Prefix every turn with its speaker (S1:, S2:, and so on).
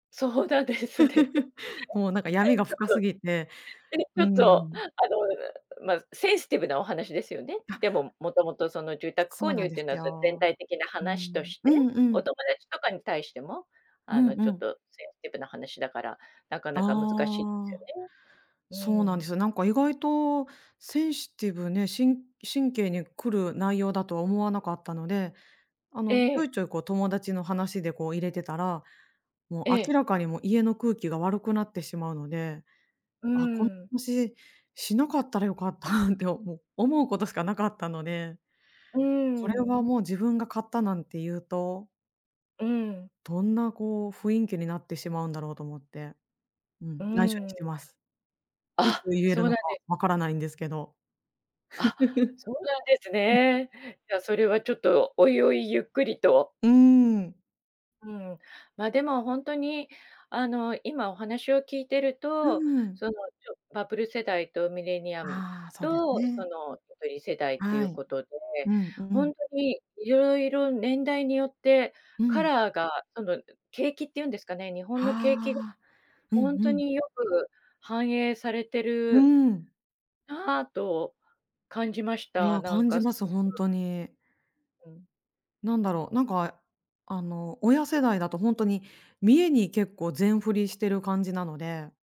S1: そうだですね。
S2: もう、なんか、闇 が
S1: ちょっ
S2: 深す
S1: と、
S2: ぎて、
S1: え、ち
S2: う
S1: ょ
S2: ー
S1: っと、
S2: ん。
S1: あの、うま、センシティブなお話ですよね。で
S2: あ。
S1: も元々、その、住宅
S2: そ
S1: 購
S2: うな
S1: 入
S2: ん
S1: っ
S2: で
S1: ていうの
S2: す
S1: は、そゆ全
S2: よ。
S1: 体的な
S2: うー
S1: 話と
S2: ん、
S1: し
S2: う
S1: て、
S2: んうん。
S1: お友達とかに対しても、
S2: う
S1: あ
S2: ん
S1: の、
S2: う
S1: ちょっ
S2: ん。
S1: とセンシティブな話だから、なかなか難しいです
S2: あ
S1: よ
S2: あ。そう
S1: ね。
S2: なん
S1: うー
S2: で
S1: ん。
S2: すよ。なんか、意外と、センシティブね、しん神経に来る内容だとは思わなかったので、あ
S1: え
S2: の、ちょ
S1: え。
S2: いちょい、こう、友達の話で、こう、入れてたら、もう
S1: え
S2: 明
S1: え。
S2: らかに、も、家の空気が悪くなってしまうので、
S1: うー
S2: あ、この
S1: ん。
S2: 話、しなかったらよかったっておも思うことしかなかったので、
S1: うー
S2: これは
S1: ん。
S2: もう自分が買ったなんて言うと
S1: うーん。
S2: どんな、こう、雰囲気になってしまうんだろうと思って。うん、
S1: うー
S2: 内緒にし
S1: ん。
S2: てます。いつ
S1: あ、
S2: 言え
S1: そ
S2: る
S1: う
S2: の
S1: な
S2: か
S1: んで
S2: 分からないんですけど。
S1: あ、そうなんですね。じゃあ、そ れはちょっと追々ゆっくりと。
S2: うーん。
S1: うん。ま、でも、ほんとに、あの、今お話を聞いてる
S2: うー
S1: と、
S2: ん。
S1: その、ちょバブル世代とミレニアム
S2: ああ、そうです
S1: と、そ
S2: ね。
S1: の、ゆとり世代ってい
S2: は
S1: う
S2: い。
S1: ことで、
S2: うんう
S1: ほん
S2: ん。
S1: とにいろいろ年代によって
S2: う
S1: カ
S2: ん。
S1: ラーが、その、ん、景気っていうんですかね、日本の景気、
S2: はあ。うん
S1: ほん
S2: う
S1: と
S2: ん。
S1: によく反映されて
S2: うー
S1: る
S2: ん。
S1: なあと感じまし
S2: い
S1: た。
S2: や、
S1: なん
S2: 感じ
S1: か。
S2: ます、ほん
S1: [unintelligible]
S2: とに。
S1: うん。
S2: なんだろう、なんか、あえあの、親世代だとほんとに、見栄に結構全振りしてる感じなので。